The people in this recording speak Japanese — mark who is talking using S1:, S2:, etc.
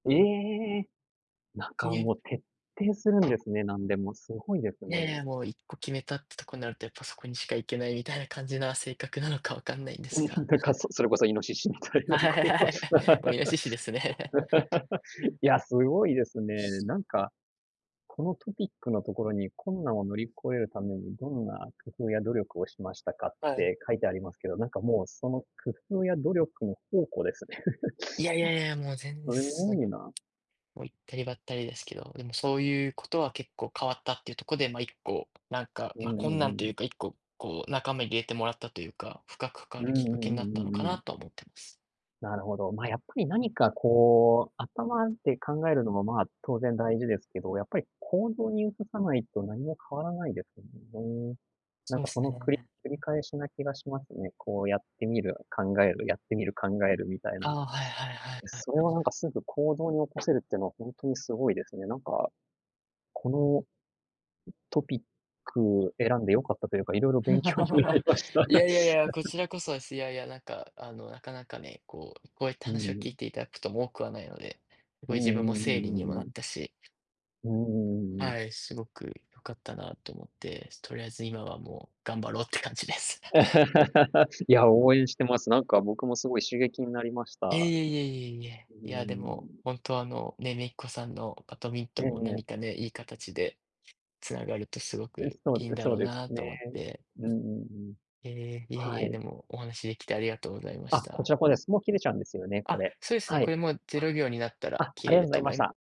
S1: ええ。なん
S2: き
S1: か
S2: げん。
S1: もう徹底するんですね、何でも。すごいです
S2: いやい
S1: ね。
S2: や、もう一個決めたってとこになると、やっぱそこにしか行けないみたいな感じな性格なのか分かんないんで
S1: う
S2: す
S1: ん
S2: が
S1: そそれこそイノシシみたい
S2: は
S1: な
S2: い、
S1: こ
S2: はい。
S1: う。
S2: もうイノシシですね。
S1: いや、すごいですね。なんか、このトピックのところに困難を乗り越えるためにどんな工夫や努力をしましたかっ
S2: はい。
S1: て書いてありますけど、なんかもう、その工夫や努力の宝庫ですね。
S2: いやいやいや、もう 全然そ、も、いったりばったりですけど、でもそういうことは結構変わったっていうとこで、ま、1個、なんか、
S1: う
S2: ま、
S1: んう
S2: 困
S1: んう
S2: 難とい
S1: ん。
S2: うか、1個こう仲間に入れてもらったというか、深く関
S1: う
S2: わ
S1: ん
S2: る
S1: う
S2: きっかけに
S1: ん
S2: なったの
S1: うんう
S2: か
S1: んう
S2: な
S1: ん。
S2: とは思ってます。
S1: なるほど。ま、やっぱり何かこう、頭で考えるのも、ま、当然大事ですけど、やっぱり、行動に移さないと何も変わらないです な
S2: そ
S1: ん
S2: う
S1: か
S2: す
S1: その、くり
S2: ね。
S1: 繰り返しな気がしますね。こうやってみる、考える、やってみる、考える、みたい
S2: あ
S1: な。
S2: あ、はいはいはいはい。
S1: それはなんかすぐ行動に起こせるっていうのは本当にすごいですね。なんかこの、トピック選んで良かったというか、色々勉強になり ました。
S2: いやいやいや、こ ちらこそです。いやいや、なんかあの、なかなかね、こうこうやって
S1: う
S2: 話を聞
S1: ん。
S2: いていただくとも多くはないので、すご
S1: う
S2: い
S1: ん
S2: 自分も
S1: うんうん
S2: 整理に
S1: う
S2: も
S1: ん
S2: な
S1: う
S2: っ
S1: ん。
S2: たし
S1: うんうんうんうん。
S2: はい、すごく良かったなと思って。とりあえず今はもう頑張ろうって感じです。
S1: いや、応援してます。なんか僕もすごい刺激になりまし
S2: え
S1: た。
S2: いえいえいえいえ。
S1: うー
S2: いや、でも、
S1: ん。
S2: 本当はあの、ね、姪っ子さんのバドミント
S1: え
S2: ン
S1: ええ
S2: も何
S1: え。
S2: かね、いい形で繋がると凄く
S1: え
S2: い
S1: すと、
S2: いんだ
S1: そ
S2: ろ
S1: う
S2: う
S1: です
S2: な
S1: ね。
S2: と思って。
S1: うんうんうん。
S2: ええ、いえ
S1: は
S2: いえ、
S1: い。
S2: でもお話しできてありがとうございまし
S1: あ、こ
S2: た。
S1: ちらこうです。もう切れちゃうんですよね、こ
S2: あ、
S1: れ。
S2: そうですね。
S1: は
S2: こ
S1: い。
S2: れも0秒になったら
S1: あ、
S2: 切
S1: あり
S2: れ
S1: がと
S2: る
S1: うござ
S2: と
S1: い
S2: 思
S1: まし
S2: い
S1: た。